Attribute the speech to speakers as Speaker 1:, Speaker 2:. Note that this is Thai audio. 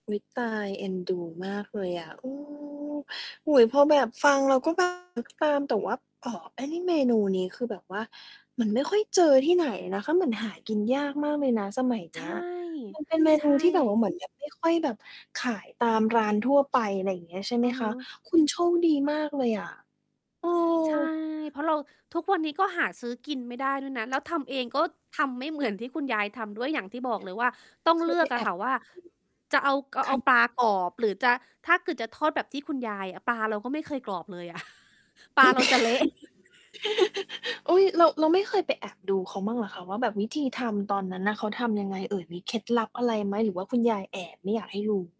Speaker 1: อุ๊ย ตาย เอ็นดูมากเลยอะ เออ โอ้โฮ พอแบบฟังแล้วก็ แบบ นึกตาม แต่ว่า อ้อ ไอ้นี่เมนูนี้ คือแบบว่ามันไม่ค่อยเจอที่ไหนนะคะ เหมือนหากินยากมากเลยนะสมัยเ
Speaker 2: ใ
Speaker 1: น
Speaker 2: ช
Speaker 1: ี้
Speaker 2: ่
Speaker 1: ย มัน เป็นเม
Speaker 2: ใช
Speaker 1: นูที่แบบ
Speaker 2: ่
Speaker 1: ว่าเหมือน แบบ ไม่ค่อยแบบขายตามร้านทั่วไป อะไรอย่างเงี้ยใช่ไห
Speaker 2: อื
Speaker 1: ม
Speaker 2: อ
Speaker 1: ค
Speaker 2: ฮึ
Speaker 1: ะ? คุณโชคดีมากเลยอะ เออ
Speaker 2: ใช่ เพราะเรา ทุกวันนี้ก็หาซื้อกินไม่ได้ด้วยนะ แล้วทำเองก็ทำไม่เหมือนที่คุณยายทำด้วย อย่างที่บอกเลยว่า ต้อง
Speaker 1: เค
Speaker 2: เล
Speaker 1: ย
Speaker 2: ื
Speaker 1: ไป
Speaker 2: อก
Speaker 1: แ
Speaker 2: อ
Speaker 1: อ
Speaker 2: ะค
Speaker 1: บ
Speaker 2: ่ะว่า จะเอา ก
Speaker 1: ค
Speaker 2: เอ
Speaker 1: ่
Speaker 2: า
Speaker 1: ะ
Speaker 2: ปลากรอบหรือจะ ถ้าเกิดจะทอดแบบที่คุณยายอะ ปลาเราก็ไม่เคยกรอบเลยอะ ปลาเราจะเละ
Speaker 1: อุ๊ย เรา เราไม่เคยไปแอบดูเขาบ้างเหรอคะ ว่าแบบวิธีทำตอนนั้นน่ะ เขาทำยังไงเอ่ย มีเคล็ดลับอะไรไหมหรือว่าคุณยายแอบไม่อยากให้ดู?